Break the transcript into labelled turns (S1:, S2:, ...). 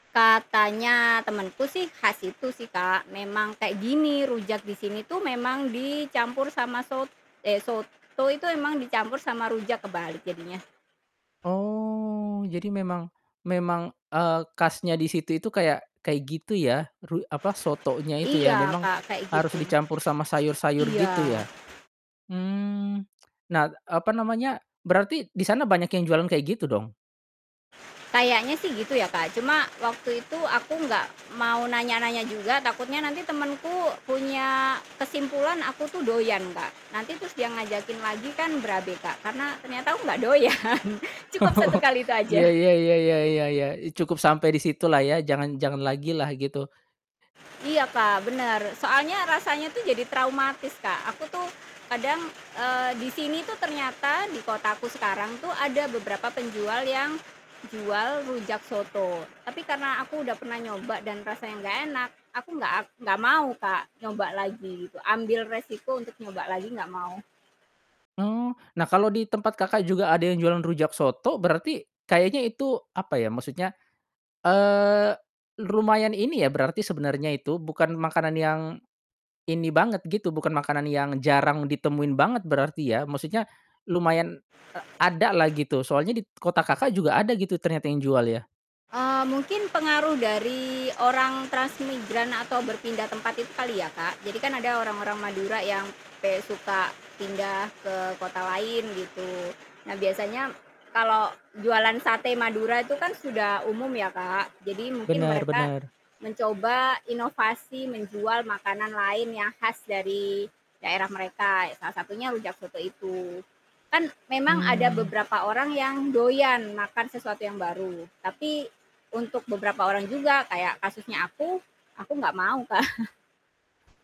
S1: Katanya temanku sih khas situ sih, Kak, "Memang kayak gini, rujak di sini tuh memang dicampur sama sot" eh, "soto itu emang dicampur sama rujak," kebalik, jadinya.
S2: Oh, jadi memang memang, eee, khasnya di situ itu kayak kayak gitu ya, ru apa, sotonya itu ya
S1: Iya,
S2: memang
S1: Kak, kayak
S2: harus
S1: gitu.
S2: dicampur sama sayur-sayur gitu
S1: Iya.
S2: ya? Mmm. Nah, apa namanya, berarti di sana banyak yang jualan kayak gitu dong?
S1: Kayaknya sih gitu ya, Kak. Cuma, waktu itu aku enggak mau nanya-nanya juga, takutnya nanti temenku punya kesimpulan aku tuh doyan, Kak, nanti terus dia ngajakin lagi kan berabe, Kak. Karena, ternyata aku enggak doyan, cukup
S2: Oh,
S1: 1 kali itu aja.
S2: iya iya iya iya iya iya, i cukup sampai di situlah ya, jangan jangan lagilah, gitu.
S1: Iya Kak, benar. Soalnya rasanya tuh jadi traumatis, Kak, aku tuh kadang, eee, di sini tuh ternyata, di kotaku sekarang tuh ada beberapa penjual yang jual rujak soto. Tapi karena aku udah pernah nyoba dan rasanya enggak enak, aku enggak, ak enggak mau, Kak, nyoba lagi gitu, ambil resiko untuk nyoba lagi, enggak mau.
S2: Oh. Nah kalau di tempat Kakak juga ada yang jualan rujak soto, berarti kayaknya itu, apa ya, maksudnya, eee, lumayan ini ya berarti sebenarnya itu, bukan makanan yang ini banget gitu, bukan makanan yang jarang ditemuin banget berarti ya? Maksudnya, lumayan, a adalah gitu, soalnya di t kota Kakak juga ada gitu, ternyata yang jual ya?
S1: Eee, mungkin pengaruh dari orang transmigran atau berpindah tempat itu kali ya, Kak. Jadi kan, ada orang-orang Madura yang kayak suka pindah ke kota lain, gitu. Nah biasanya kalau jualan sate Madura itu kan sudah umum ya, Kak. Jadi mungkin
S2: Benar
S1: mereka
S2: benar.
S1: mencoba inovasi menjual makanan lain yang khas dari daerah mereka, ya salah satunya rujak soto itu. Kan, memang ada
S2: Mmm.
S1: beberapa orang yang doyan makan sesuatu yang baru, tapi untuk beberapa orang juga, kayak kasusnya aku, aku nggak mau, Kak.